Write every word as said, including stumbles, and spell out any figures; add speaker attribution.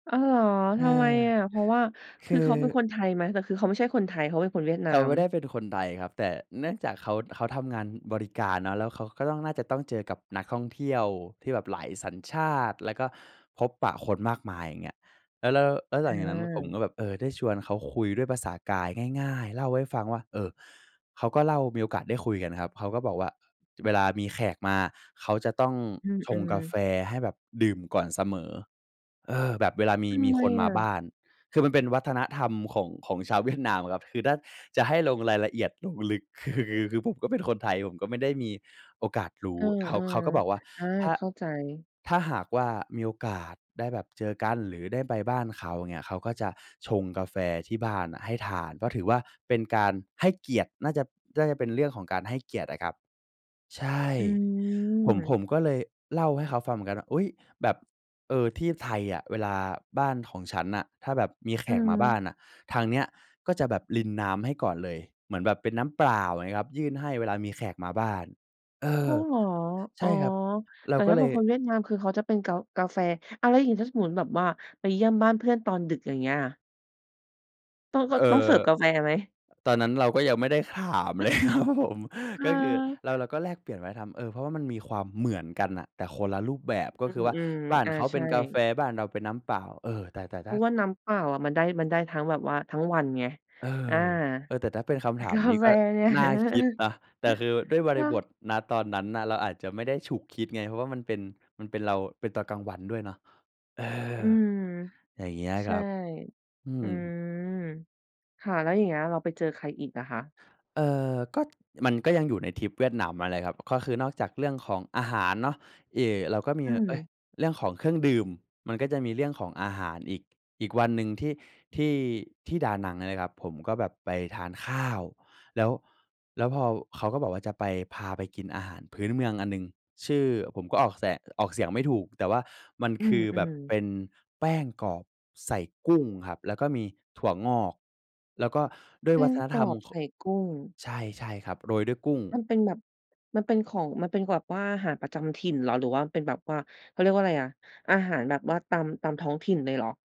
Speaker 1: อ้าวเหรอ?
Speaker 2: เอ
Speaker 1: ท
Speaker 2: อ
Speaker 1: ำไมอะ? เพราะว่า
Speaker 2: ค
Speaker 1: ค
Speaker 2: ื
Speaker 1: ือ
Speaker 2: อ
Speaker 1: เขาเป็นคนไทยไหม แต่คือเขาไม่ใช่คนไทย เขาเป็นคนเวียดน
Speaker 2: เ
Speaker 1: า
Speaker 2: ขาไ
Speaker 1: ม?
Speaker 2: ม่ได้เป็นคนไทยครับ แต่เนื่องจากเขา เขาทำงานบริการเนาะ แล้วเขาก็ต้อง น่าจะต้องเจอกับนักท่องเที่ยวที่แบบหลายสัญชาติ แล้วก็พบปะคนมากมาย อย่างเงี้ย แล้ว แล้ว แล้วหลังจากนั้นผม
Speaker 1: เออ
Speaker 2: ก็แบบ เออ ได้ชวนเขาคุยด้วยภาษากายง่าย ๆ เล่าให้ฟังว่า เออ เขาก็เล่ามีโอกาสได้คุยกันครับ เขาก็บอกว่าเวลามีแขกมา เขาจะต้อง
Speaker 1: อื
Speaker 2: ชง
Speaker 1: ม
Speaker 2: กาแ
Speaker 1: ๆ
Speaker 2: ฟให้แบบดื่มก่อนเสมอ เออ แบบเวลามี
Speaker 1: ท
Speaker 2: ม
Speaker 1: ำ
Speaker 2: ี
Speaker 1: ไม
Speaker 2: คนม
Speaker 1: อ
Speaker 2: าบ
Speaker 1: ะ?
Speaker 2: ้าน คือมันเป็นวัฒนธรรมของ ของชาวเวียดนามครับ คือถ้าจะให้ลงรายละเอียดลงลึก คือ คือผมก็เป็นคนไทย ผมก็ไม่ได้มีโอกาสรู
Speaker 1: เอ
Speaker 2: ้
Speaker 1: อ
Speaker 2: เขา เขาก็บอกว่า
Speaker 1: ๆ อา
Speaker 2: ถ้า
Speaker 1: เข้าใจ
Speaker 2: ถ้าหากว่ามีโอกาสได้แบบเจอกัน หรือได้ไปบ้านเขา เงี้ย เขาก็จะชงกาแฟที่บ้านอะให้ทาน เพราะถือว่าเป็นการให้เกียรติ น่าจะ น่าจะเป็นเรื่องของการให้เกียรติอะครับ ใช่
Speaker 1: อื
Speaker 2: ผม ผ
Speaker 1: ม
Speaker 2: มก็เลยเล่าให้เขาฟังเหมือนกันว่า "อุ๊ย! แบบ เออ ที่ไทยอะเวลาบ้านของฉันน่ะ ถ้าแบบมีแข
Speaker 1: อื
Speaker 2: กมาบ้า
Speaker 1: ม
Speaker 2: นน่ะ ทางเนี้ยก็จะแบบรินน้ำให้ก่อนเลย เหมือนแบบเป็นน้ำเปล่า" อย่างเงี้ยครับ "ยื่นให้เวลามีแขกมาบ้าน" เอ
Speaker 1: อ้า
Speaker 2: อ
Speaker 1: วเหรอ?
Speaker 2: ใ
Speaker 1: อ
Speaker 2: ช
Speaker 1: ๋อ
Speaker 2: ่ครับ เ
Speaker 1: แ
Speaker 2: ร
Speaker 1: ต
Speaker 2: า
Speaker 1: ่
Speaker 2: ก
Speaker 1: ถ
Speaker 2: ็
Speaker 1: ้า
Speaker 2: เ
Speaker 1: เ
Speaker 2: ล
Speaker 1: ป็
Speaker 2: ย
Speaker 1: นคนเวียดนามคือ เขาจะเป็นกา กาแฟ อ้าว แล้วอย่างงี้ถ้าสมมุติแบบว่าไปเยี่ยมบ้านเพื่อนตอนดึก อย่างเงี้ยอะ? ต้อง ก็
Speaker 2: เอ่
Speaker 1: ต้องเสิร
Speaker 2: อ
Speaker 1: ์ฟกาแฟไหม?
Speaker 2: ตอนนั้นเราก็ยังไม่ได้ถามเล
Speaker 1: เออ
Speaker 2: ย ครับผม
Speaker 1: อ
Speaker 2: ก็คือ
Speaker 1: า
Speaker 2: เรา เราก็แลกเปลี่ยนวัฒนธรรม เออ เพราะว่ามันมีความเหมือนกันน่ะ แต่คนละรูปแบบ ก็
Speaker 1: อื
Speaker 2: คือว่า
Speaker 1: ม
Speaker 2: บ้าน
Speaker 1: ๆ อา
Speaker 2: เขา
Speaker 1: ใ
Speaker 2: เ
Speaker 1: ช
Speaker 2: ป็
Speaker 1: ่
Speaker 2: นกาแฟ บ้านเราเป็นน้ำเปล่า เออ แต่ แต่
Speaker 1: เพ
Speaker 2: ถ
Speaker 1: ร
Speaker 2: ้
Speaker 1: า
Speaker 2: า
Speaker 1: ะว่าน้ำเปล่าอะ มันได้ มันได้ทั้งแบบว่าทั้งวันไง
Speaker 2: เออ
Speaker 1: อา
Speaker 2: เออ แต่ถ้าเป็นค
Speaker 1: แต
Speaker 2: ำ
Speaker 1: ่
Speaker 2: ถา
Speaker 1: ก
Speaker 2: ม
Speaker 1: า
Speaker 2: นี้
Speaker 1: แฟ
Speaker 2: ก็
Speaker 1: เนี่ย
Speaker 2: น่าคิดนะ แต่คือด้วยบร
Speaker 1: เน
Speaker 2: ิ
Speaker 1: า
Speaker 2: บ
Speaker 1: ะ
Speaker 2: ท ณ ตอนนั้นน่ะ เราอาจจะไม่ได้ฉุกคิดไง เพราะว่ามันเป็น มันเป็นเรา เป็นตอนกลางวันด้วยเนาะ เออ
Speaker 1: อืม
Speaker 2: อย่างเงี้ย
Speaker 1: ใช
Speaker 2: ค
Speaker 1: ่
Speaker 2: รับ อื
Speaker 1: อื
Speaker 2: ม
Speaker 1: ม ค่ะ แล้วอย่างเงี้ย เราไปเจอใครอีกล่ะคะ?
Speaker 2: เอ่อ ก็ มันก็ยังอยู่ในทริปเวียดนามนั่นแหละครับ ก็คือนอกจากเรื่องของอาหารเนาะ เอ่ เราก็มี
Speaker 1: อื
Speaker 2: เอ๊ย!
Speaker 1: ม
Speaker 2: เรื่องของเครื่องดื่ม มันก็จะมีเรื่องของอาหารอีก อีกวันหนึ่งที่ ที่ ที่ดานังเนี่ยนะครับ ผมก็แบบไปทานข้าว แล้ว แล้วพอ เขาก็บอกว่า จะไปพาไปกินอาหารพื้นเมืองอันหนึ่งชื่อ ผมก็ออกแสง ออกเสียงไม่ถูก แต่ว่ามัน
Speaker 1: อื
Speaker 2: คือแบบเ
Speaker 1: ม ๆ
Speaker 2: ป็นแป้งกรอบใส่กุ้งครับแล้วก็มีถั่วงอก แล้วก็ด้ว
Speaker 1: แป
Speaker 2: ยว
Speaker 1: ้
Speaker 2: ั
Speaker 1: ง
Speaker 2: ฒน
Speaker 1: ก
Speaker 2: ธร
Speaker 1: ร
Speaker 2: ร
Speaker 1: อ
Speaker 2: ม
Speaker 1: บ
Speaker 2: เ
Speaker 1: ใ
Speaker 2: ข
Speaker 1: ส
Speaker 2: าะ
Speaker 1: ่กุ้ง
Speaker 2: ใช่ ๆ ครับ โรยด้วยกุ้ง
Speaker 1: มันเป็นแบบ มันเป็นของ มันเป็นแบบว่าอาหารประจำถิ่นเหรอ หรือว่ามันเป็นแบบว่า? เขาเรียกว่าไรอะ อาหารแบบว่าตาม ตามท้องถิ่นเลยเหรอ?